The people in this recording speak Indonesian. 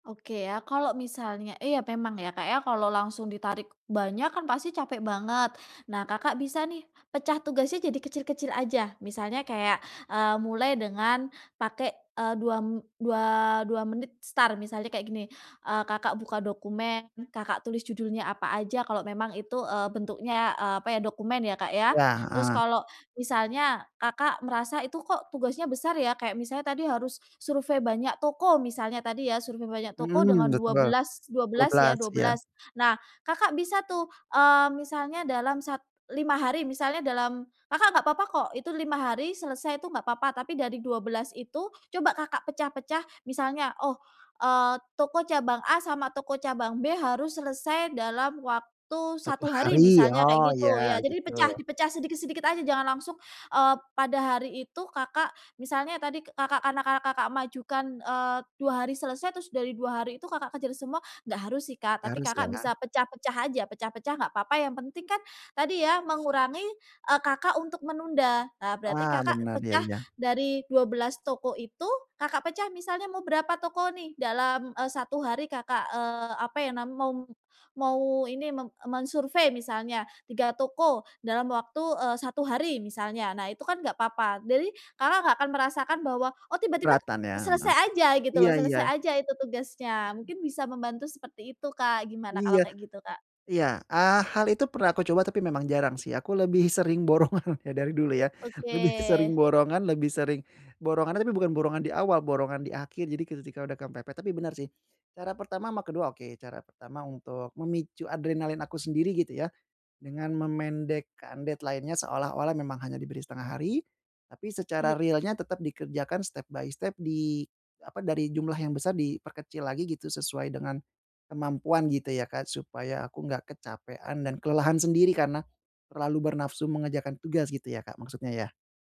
Oke ya, kalau misalnya iya memang ya Kak ya kalau langsung ditarik banyak kan pasti capek banget. Nahm Kakak bisa nih pecah tugasnya jadi kecil-kecil aja, misalnya kayak, eee, mulai dengan pake, eee, 2 m dua dua menit start, misalnya kayak gini, eee, Kakak buka dokumen, Kakak tulis judulnya apa aja kalau memang itu, eee, bentuknya, eee, apa ya, dokumen ya Kak ya. Ya, Terus heeh. kalau misalnya Kakak merasa itu kok tugasnya besar ya kayak misalnya tadi harus survei banyak toko misalnya tadi ya, survei banyak toko dengan Mhm, dua betul. belas dua Dua belas ya, belas, dua iya. belas, nah Kakak bisa tuh, eee, misalnya dalam sat 5 hari misalnya dalam Kakak gak papa kok itu 5 hari selesai itu gak papa, tapi dari 12 itu coba Kakak pecah-pecah misalnya, oh, eee, toko cabang A sama toko cabang B harus selesai dalam waktu 1 1 hari hari, misalnya kayak oh gitu, ya ya jadi gitu. dipecah dipecah sedikit-sedikit aja jangan langsung, eee, pada hari itu Kakak, misalnya tadi Kakak karena Kakak mengajukan, eee, 2 hari selesai, terus dari 2 hari itu Kakak kejer semua, gak harus sih Kak tapi Harus Kakak ya? bisa pecah-pecah aja, pecah-pecah gak papa yang penting kan tadi ya mengurangi, eee, Kakak untuk menunda nah berarti Ah Kakak bener, iya pecah iya. dari 12 toko itu, Kakak pecah misalnya mau berapa toko nih dalam, eee, 1 hari Kakak, eee, apa ya nam mau mau ini, me mensurvei misalnya 3 toko dalam waktu, eee, 1 hari misalnya, nah itu kan enggak apa-apa. Jadi Kakak nggak akan merasakan bahwa, oh tiba-tiba Keberatan ya heeh. selesai aja gitu loh, Iya iya. selesai aja itu tugasnya mungkin bisa membantu seperti itu Kak, gimana kalau Iya. kayak gitu, Kak? Iya, eee, hal itu pernah aku coba tapi memang jarang sih, aku lebih sering borongan dari dulu ya, lebih Oke. sering borongan, lebih sering borongan tapi bukan borongan di awal, borongan di akhir jadi ketika udah kepepet, tapi benar sih cara pertama sama ke-2 oke, cara pertama untuk memicu adrenalin aku sendiri gitu ya dengan memendekkan deadline-nya seolah-olah memang hanya diberi 1/2 hari tapi secara Iya. realnya tetap dikerjakan step-by-step di apa, dari jumlah yang besar diperkecil lagi gitu sesuai dengan kemampuan gitu ya Kak? Supaya aku nggak kecapean dan kelelahan sendiri karena terlalu bernafsu mengerjakan tugas gitu ya Kak maksudnya ya?